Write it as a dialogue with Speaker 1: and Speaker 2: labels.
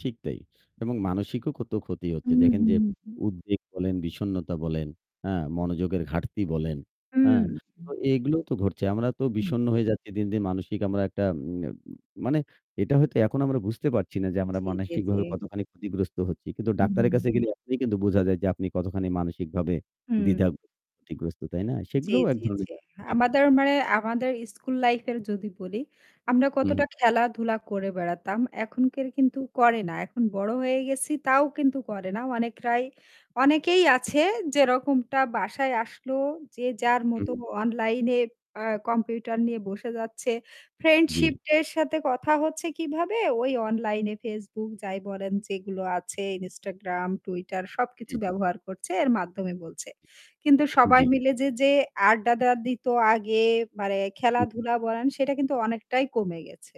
Speaker 1: ঠিক তাই। এবং মানসিকও কত ক্ষতি হচ্ছে।
Speaker 2: হুম,
Speaker 1: দেখেন
Speaker 2: হুম,
Speaker 1: যে
Speaker 2: হুম।
Speaker 1: উদ্বেগ বলেন, বিষণ্নতা বলেন, হ্যাঁ মনোযোগের ঘাটতি বলেন।
Speaker 2: হুম,
Speaker 1: হ্যাঁ। তো
Speaker 2: হু।
Speaker 1: এগুলো তো ঘটছে। আমরা তো
Speaker 2: হুম।
Speaker 1: বিষণ্ণ হয়ে যাচ্ছি দিন, দিন মানসিক আমরা একটা উম মানে এটা হয়তো এখন আমরা বুঝতে পারছি না যে আমরা
Speaker 2: জ্বি, জ্বি, জ্বি।
Speaker 1: মানসিকভাবে কতখানি ক্ষতিগ্রস্ত হচ্ছি। কিন্তু
Speaker 2: হুম, হুম,
Speaker 1: ডাক্তারের
Speaker 2: হুম।
Speaker 1: কাছে গেলে এখনই কিন্তু বোঝা যায় যে আপনি কতখানি মানসিকভাবে
Speaker 2: হুম।
Speaker 1: দ্বিধাগ্রস্থ ক্ষতিগ্রস্থ তাই না?
Speaker 2: জ্বী,
Speaker 1: সেগুলোও এক
Speaker 2: জ্বী,
Speaker 1: ধরনের
Speaker 2: জ্বী।
Speaker 1: জি, জি।
Speaker 2: আমাদের মানে আমাদের স্কুল লাইফ এর যদি বলি, আমরা
Speaker 1: হু, হু।
Speaker 2: কতটা খেলাধুলা করে বেড়াতাম। এখনকার
Speaker 1: হু।
Speaker 2: কিন্তু করে না। এখন বড় হয়ে গেছি তাও কিন্তু করে না। অনেকরাই অনেকেই আছে যেরকমটা বাসায় আসলো যে যার
Speaker 1: হু,
Speaker 2: মতো
Speaker 1: হু।
Speaker 2: অনলাইনে আ কম্পিউটার নিয়ে বসে যাচ্ছে।
Speaker 1: জ্বি।
Speaker 2: ফ্রেন্ডশিপ এর সাথে কথা হচ্ছে কিভাবে? ওই অনলাইন এ Facebook যাই বলেন যেগুলো আছে, Instagram, Twitter সবকিছু
Speaker 1: জি।
Speaker 2: ব্যবহার করছে এর মাধ্যমে বলছে। কিন্তু
Speaker 1: জ্বি।
Speaker 2: সবাই
Speaker 1: জি।
Speaker 2: মিলে যে, যে আড্ডাটা দিত আগে মানে
Speaker 1: হুম।
Speaker 2: খেলাধুলা বলেন সেটা কিন্তু অনেকটাই কমে গেছে।